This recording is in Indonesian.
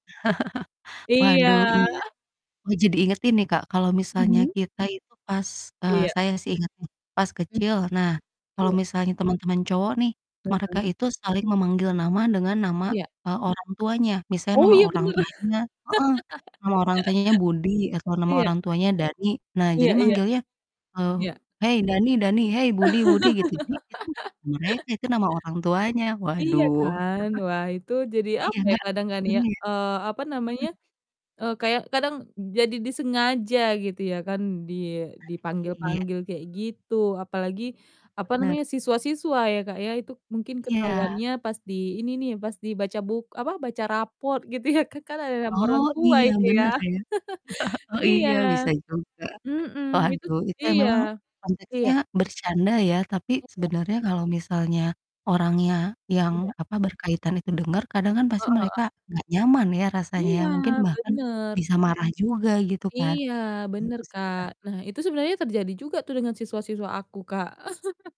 Waduh, Iya. iya. Oh, jadi inget ini, Kak, kalau misalnya Mhm. kita itu pas eee, Iya. saya sih inget pas Mmm. kecil, nah, kalau Iya. misalnya teman-teman cowok nih, Bener mereka kan? itu saling memanggil nama dengan nama, Iya. eee, orang tuanya. Misalnya Oh nama iya, orang bener. tuanya heeh, nama orang tuanya Budi atau nama Iya. orang tuanya Dani, nah, jadi Iya iya. manggilnya, eee, Iya. "Hei, Dani Dani! Hei, Budi Budi!" Gitu. Jadi itu, mereka itu nama orang tuanya, Iya waduh. kan. Wah, itu jadi Iya, apa ya nggak kadang kan ya, iya. eee, apa namanya, Mhm. eee, kayak kadang jadi disengaja gitu ya kan, di Ah, iya. dipanggil-panggil kayak gitu, apalagi apa Bener. namanya, siswa-siswa ya Kak ya, itu mungkin Iya. ketahuannya pas di ini nih, pas dibaca buk apa, baca raport gitu ya, ka kan ada nama Oh orang tua iya, itu ya. bener ya. Oh Iya. iya, bisa juga. Mhm. Itu Waduh, itu iya. memang konteksnya Iya. bercanda ya tapi Iya. sebenarnya kalau misalnya orangnya yang Iya. apa, berkaitan itu denger, kadang kan pasti Heeh mereka heeh. nggak nyaman ya rasanya ya, Iya, mungkin bahkan bener. bisa marah juga, gitu kan. Iya, bener, Gitu sih, Kak. Kak. Nah, itu sebenernya terjadi juga tuh dengan siswa-siswa aku, Kak.